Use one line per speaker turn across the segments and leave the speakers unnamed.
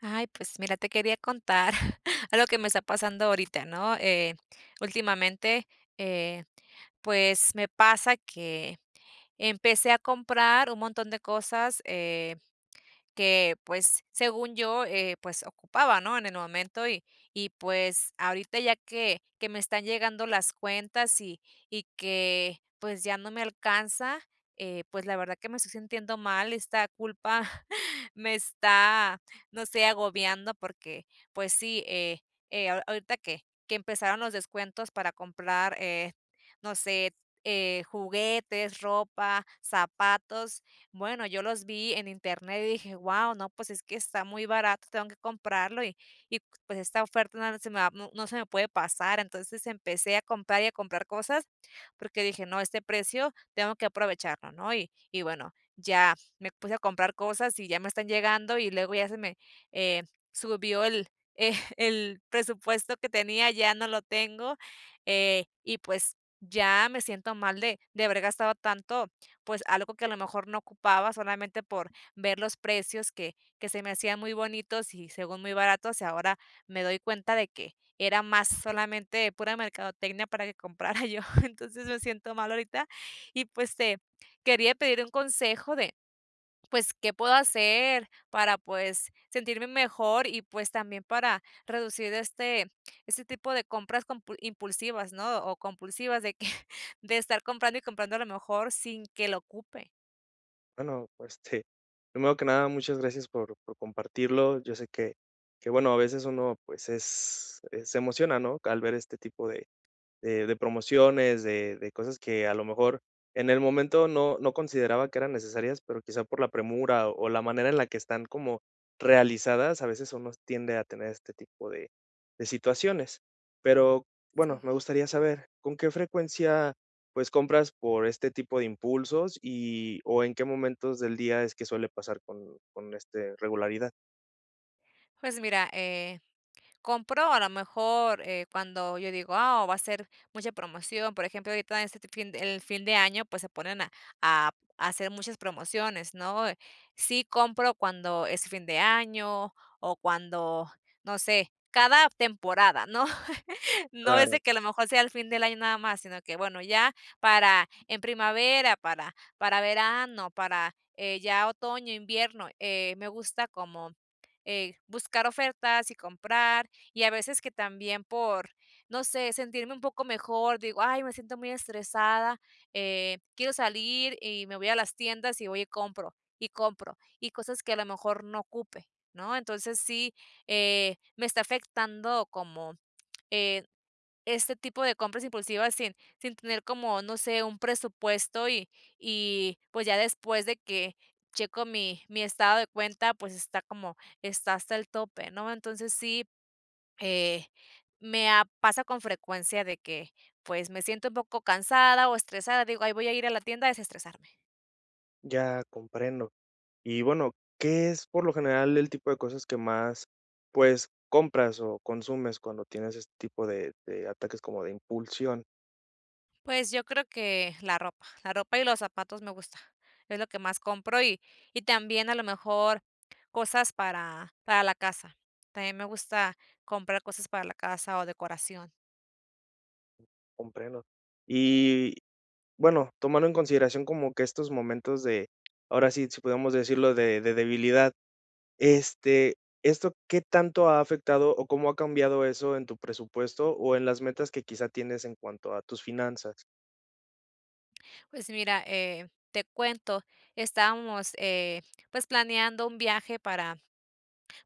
Ay, pues mira, te quería contar algo que me está pasando ahorita, ¿no? Eh, últimamente, eh, pues, me pasa que empecé a comprar un montón de cosa, em, que, pues, según yo, eh, pues ocupaba, ¿no?, en el momento. Y y pues, ahorita ya que que me están llegando las cuentas, y y que, pues, ya no me alcanza, eh, pues, la verdad que me estoy sintiendo mal, esta culpa me está, no sé, agobiando. Porque, pues sí, eh eh, ahorita que que empezaron los descuentos para comprar, eh, no sé, eh, juguetes, ropa, zapatos. Bueno, yo los vi en internet, y dije: "Guau, no, pues, es que está muy barato, tengo que comprarlo, y y pues esta oferta no se me no se me puede pasar". Entonces, empecé a comprar y a comprar cosas, porque dije: "No, este precio, tengo que aprovecharlo", ¿no? Y y bueno, ya me puse a comprar cosas y ya me están llegando, y luego ya se me, eh, subió el el presupuesto que tenía ya no lo tengo. Eh, y pues, ya me siento mal de de haber gastado tanto, pues, algo que a lo mejor no ocupaba solamente por ver los precios que que se me hacían muy bonitos, y según muy baratos. Y ahora me doy cuenta de que era más solamente pura mercadotecnia para que comprara yo. Entonces, me siento mal ahorita, y pues te quería pedir un consejo de pues, ¿qué puedo hacer para, pues, sentirme mejor, y pues también para reducir este este tipo de compras compul impulsivas, ¿no? O compulsivas de que de estar comprando y comprando a lo mejor sin que lo ocupe.
Bueno, pue este, primero que nada, muchas gracias por por compartirlo. Yo sé que que bueno, a veces uno, pues, es se emociona, ¿no?, al ver este tipo de de de promociones, de de cosas que a lo mejor en el momento no no consideraba que eran necesarias, pero quizá por la premura, o la manera en la que están como realizadas. A veces uno tiende a tener este tipo de de situaciones. Pero bueno, me
Sí.
gustaría saber con qué frecuencia, pues, compras por este tipo de impulsos, y o en qué momentos del día es que suele pasar con con este regularidad.
Pues, mira, eh, compro a lo mejor, eh, cuando yo digo: "Ah, va a ser mucha promoción", por ejemplo, ahorita en este fin el fin de año, pues, se ponen a a a hacer muchas promociones, ¿no? Sí compro cuando es fin de año, o cuando no sé, cada temporada, ¿no? No es
Claro.
de que a lo mejor sea el fin del año nada más, sino que bueno, ya para en primavera para para verano, para, eh, ya otoño e invierno, eh, me gusta como, eh, buscar ofertas y comprar. Y a veces que también por, no sé, sentirme un poco mejor, digo: "Ay, me siento muy estresada, eh, quiero salir" y me voy a las tiendas, y voy y compro, y compro, y cosas que a lo mejor no ocupe, ¿no? Entonces, sí, eh, me está afectando como, eh, este tipo de compras impulsivas sin sin tener como, no sé, un presupuesto y y, pues, ya después de que checo mi mi estado de cuenta, pues, está como está hasta el tope, ¿no? Entonces, sí, eh, me ha pasa con frecuencia de que, pues, me siento un poco cansada o estresada, y digo" Ay, voy a ir a la tienda a desestresarme".
Ya comprendo. Y bueno, ¿qué es por lo general el tipo de cosas que más pues compras, o consumes cuando tienes este tipo de de ataques como de impulsión?
Pues yo creo que la ropa, la ropa y los zapatos me gusta. Es lo que más compro, y y también a lo mejor cosas para para la casa. También me gusta comprar cosas para la casa o decoración.
Comprendo. Y bueno, tomando en consideración como que estos momentos de ahora sí sí podemos decirlo de de debilidad, este, ¿esto qué tanto ha afectado, o cómo ha cambiado eso en tu presupuesto, o en las metas que quizá tienes en cuanto a tus finanzas?
Pues mira, eh, te cuento. Estábamos, eh, pues planeando un viaje para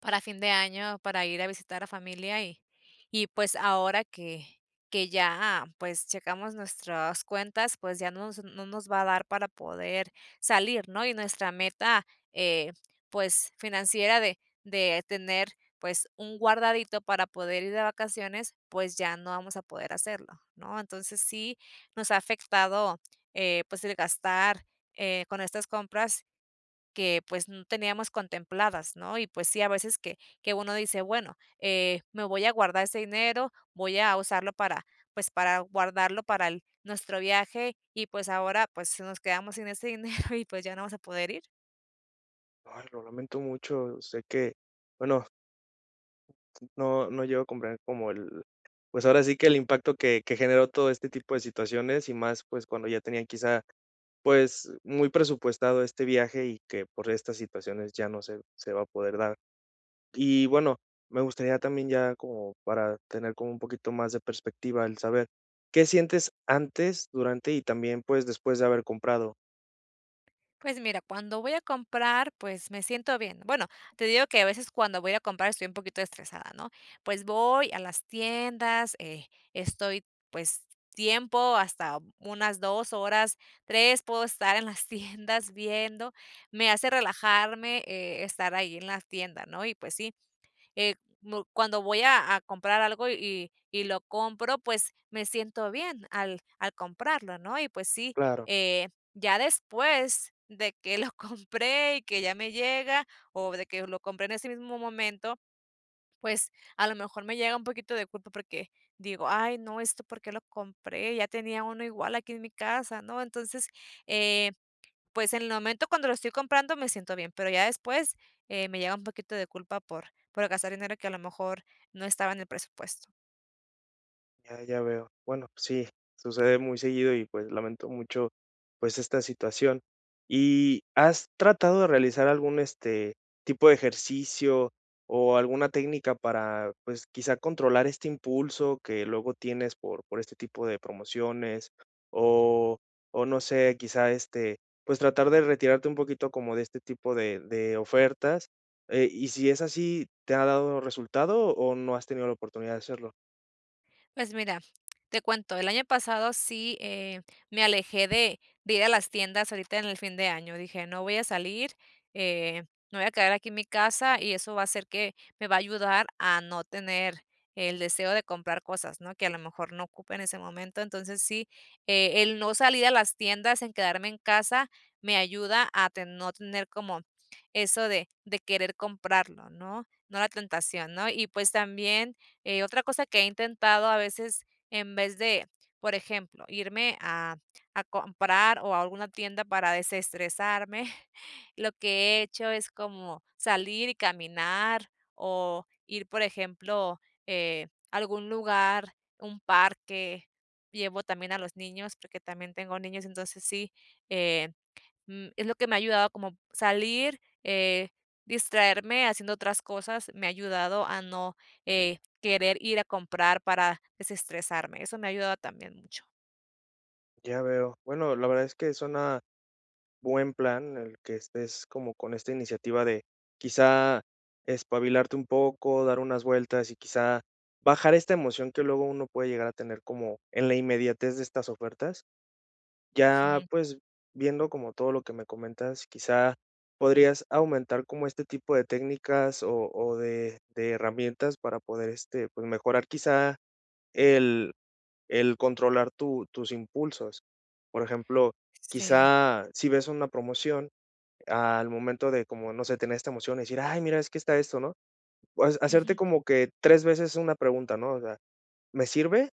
para fin de año para ir a visitar a familia, y y pues ahora que que ya, pues checamos nuestras cuentas, pues ya nos nos no nos va a dar para poder salir ¿no? Y nuestra meta, eh, pues, financiera de de tener, pues un guardadito para poder ir de vacaciones, pues ya no vamos a poder hacerlo, ¿no? Entonces sí nos ha afectado, eh, pues el gastar, eh, con estas compras que pues no teníamos contempladas ¿no? Y pues sí, a veces que que uno dice bueno, eh, me voy a guardar este dinero, voy a usarlo para, pues para guardarlo para el nuestro viaje, y pues ahora, pues nos quedamos sin ese dinero y pues ya no vamos a poder ir.
Ay, lo lamento mucho. Sé que bueno No no llego a comprar como el pues ahora sí que el impacto que que generó todo este tipo de situaciones y más, pues, cuando ya tenían quizá pues muy presupuestado este viaje, y que por estas situaciones ya no se se va a poder dar, y bueno, me gustaría también ya como para tener como un poquito más de perspectiva, el saber qué sientes antes, durante y también, pues después de haber comprado.
Pues mira, cuando voy a comprar, pues me siento bien. Bueno, te digo que a veces cuando voy a comprar estoy un poquito estresada, ¿no? Pues voy a las tiendas, eh, estoy pues tiempo, hasta unas 2 horas, 3, puedo estar en las tiendas viendo, me hace relajarme, estar ahí en la tienda, ¿no? Y pues sí, eh, mu cuando voy a a comprar algo y y lo compro, pues me siento bien al al comprarlo, ¿no? Y pues sí,
Claro.
eh, ya después de que lo compré, y que ya me llega, o de que lo compré en ese mismo momento, pues a lo mejor me llega un poquito de culpa porque digo: "Ay, no, esto por qué lo compré, ya tenía uno igual aquí en mi casa", ¿no? Entonces, eh, pues en el momento cuando lo estoy comprando me siento bien, pero ya después, eh, me llega un poquito de culpa por por gastar dinero que a lo mejor no estaba en el presupuesto.
Ya, ya veo. Bueno, sí, sucede muy seguido, y pues lamento mucho, pues, esta situación. Y, ¿has tratado de realizar algún, este, tipo de ejercicio o alguna técnica para, pues, quizá, controlar este impulso que luego tienes por por este tipo de promociones, o o, no sé, quizá, este, pues, tratar de retirarte un poquito como de este tipo de de ofertas? Eh, y si es así, ¿te ha dado resultado, o no has tenido la oportunidad de hacerlo?
Pues mira, te cuento. El año pasado, sí, eh, me alejé de de ir a las tiendas ahorita en el fin de año, dije: "No voy a salir, eh, me voy a quedar aquí en mi casa, y eso va a ser que me va a ayudar a no tener el deseo de comprar cosas, ¿no?, que a lo mejor no ocupe en ese momento". Entonces sí, eh, el no salir a las tiendas, en quedarme en casa me ayuda a ten no tener como eso de de querer comprarlo, ¿no?, no la tentación, ¿no? Y, pues también, eh, otra cosa que he intentado, a veces, en vez de, por ejemplo, irme a a comprar, o a alguna tienda para desestresarme, lo que he hecho es como salir y caminar, o ir, por ejemplo, eh, a algún lugar, un parque, llevo también a los niños, porque también tengo niños. Entonces sí, eh, mm, es lo que me ha ayudado como salir, eh, distraerme haciendo otras cosas, me ha ayudado a no, eh, querer ir a comprar para desestresarme, eso me ha ayudado también mucho.
Ya veo. Bueno, la verdad es que suena buen plan, el que estés como con esta iniciativa de, quizá, espabilarte un poco, dar unas vueltas, y quizá, bajar esta emoción que luego uno puede llegar a tener como en la inmediatez de estas ofertas. Ya,
Ujú.
pues, viendo como todo lo que me comentas, quizá, podrías aumentar como este tipo de técnicas, o o de de herramientas para poder este pues mejorar, quizá, el el controlar tu tus impulsos. Por ejemplo,
Sí.
quizá, si ves una promoción al momento de como, no sé, tener esta emoción, y decir: ''Ay, mira, es que está esto'', ¿no? O hacerte
Ujú.
como que 3 veces una pregunta, ¿no?, o sea: ''¿Me sirve''?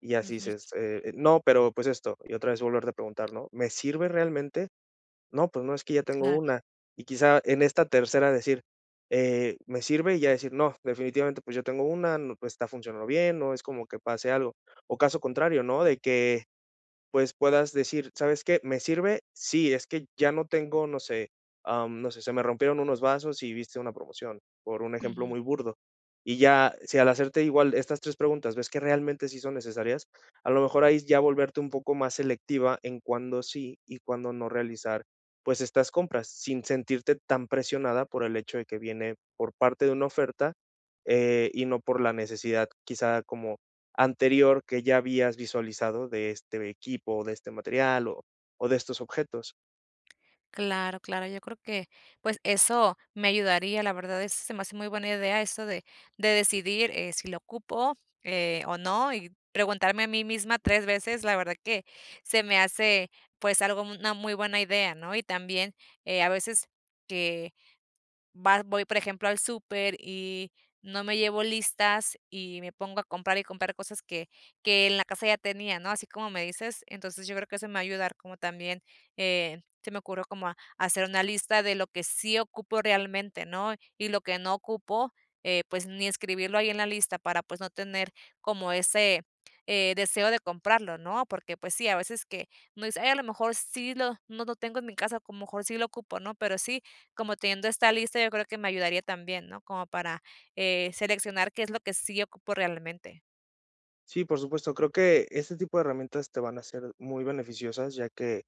Y así
Ujú.
dices, eh: ''No, pero, pues esto'', y otra vez volverte a preguntar, ¿no? ''¿Me sirve realmente?, no, pues no, es que ya tengo
Claro.
una''. Y quizá, en esta tercera decir, eh: ''¿Me sirve''?, y ya decir: ''No, definitivamente, pues, yo tengo una. Pues está funcionando bien''. No es como que pase algo o caso contrario, ¿no?, de que, pues puedas decir: "¿Sabes qué, me sirve?, sí, es que ya no tengo''. No sé, ah, mm, no sé. Se me rompieron unos vasos y viste una promoción por un ejemplo
Ujú.
muy burdo. Y ya si al hacerte igual estas tres preguntas ves que realmente sí son necesarias. A lo mejor hay ya volverte un poco más selectiva en cuándo sí y cuándo no realizar, pues estas compras, sin sentirte tan presionada por el hecho de que viene por parte de una oferta, eh, y no por la necesidad, quizá, como anterior que ya habías visualizado de este equipo, o de este material, o o de estos objetos.
Claro, claro, yo creo que, pues, eso me ayudaría, la verdad, eso se me hace muy buena idea, eso de de decidir, eh, si lo ocupo, eh, o no, y preguntarme a mí misma 3 veces, la verdad que se me hace, pues, algo una muy buena idea, ¿no? Y también, eh, a veces, que va voy, por ejemplo, al súper y no me llevo listas, y me pongo a comprar y comprar cosas que que en la casa ya tenía, ¿no?, así como me dices. Entonces, yo creo que eso me va a ayudar como también, eh, se me ocurrió como ha hacer una lista de lo que sí ocupo realmente, ¿no? Y lo que no ocupo, eh, pues, ni escribirlo ahí en la lista para, pues, no tener como ese, eh, deseo de comprarlo, ¿no? Porque, pues sí, a veces que uno dice a lo mejor sí lo no lo tengo en mi casa, como a lo mejor sí lo ocupo, ¿no? Pero sí, como teniendo esta lista, yo creo que me ayudaría también, ¿no? Como para, eh, seleccionar qué es lo que sí ocupo realmente.
Sí, por supuesto. Creo que este tipo de herramientas te van a ser muy beneficiosas, ya que,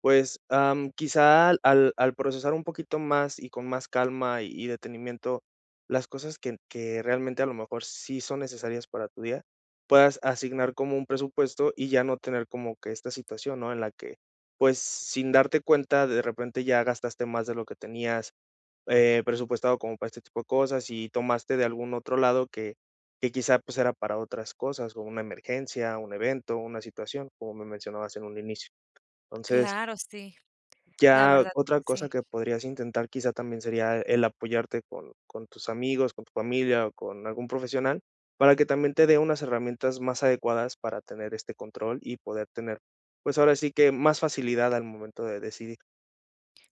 pues, am, quizá al al procesar un poquito más y con más calma, y detenimiento, las cosas que que realmente a lo mejor sí son necesarias para tu día, puedas asignar como un presupuesto, y ya no tener como que esta situación, ¿no?, en la que, pues, sin darte cuenta de repente ya gastaste más de lo que tenías, eh, presupuestado como para este tipo de cosas, y tomaste de algún otro lado que que quizá pues era para otras cosas o una emergencia, un evento, una situación como me mencionabas en un inicio. Entonces
Claro, sí. La
ya
verdad que
otra
sí.
cosa que podrías intentar, quizá, también sería el apoyarte con con tus amigos, con tu familia, o con algún profesional, para que también te dé unas herramientas más adecuadas para tener este control, y poder tener, pues, ahora sí que más facilidad al momento de decidir.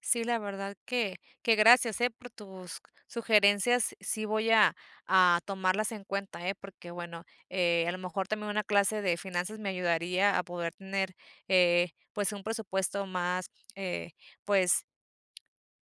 Sí, la verdad que que gracias, eh, por tus sugerencias. Sí voy a a tomarlas en cuenta, eh, porque bueno, eh, a lo mejor también una clase de finanzas me ayudaría a poder tener, eh, pues, un presupuesto más eh, pues,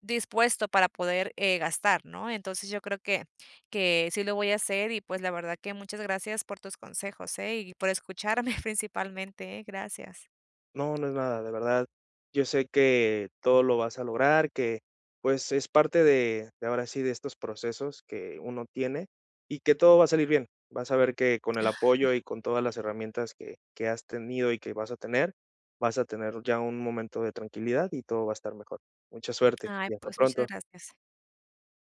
dispuesto para poder, eh, gastar, ¿no? Entonces, yo creo que, que sí lo voy a hacer. Y pues, la verdad que muchas gracias por tus consejos, eh, y por escucharme principalmente, eh, gracias.
No, no es nada de verdad. Yo sé que todo lo vas a lograr, que pues, es parte de de ahora sí, de estos procesos que uno tiene, y que todo va a salir bien. Vas a ver que con el apoyo y con todas las herramientas que, que has tenido y que vas a tener, vas a tener ya un momento de tranquilidad y todo va a estar mejor. Mucha suerte
Ay,
y hasta
pues, muchas
pronto.
gracias.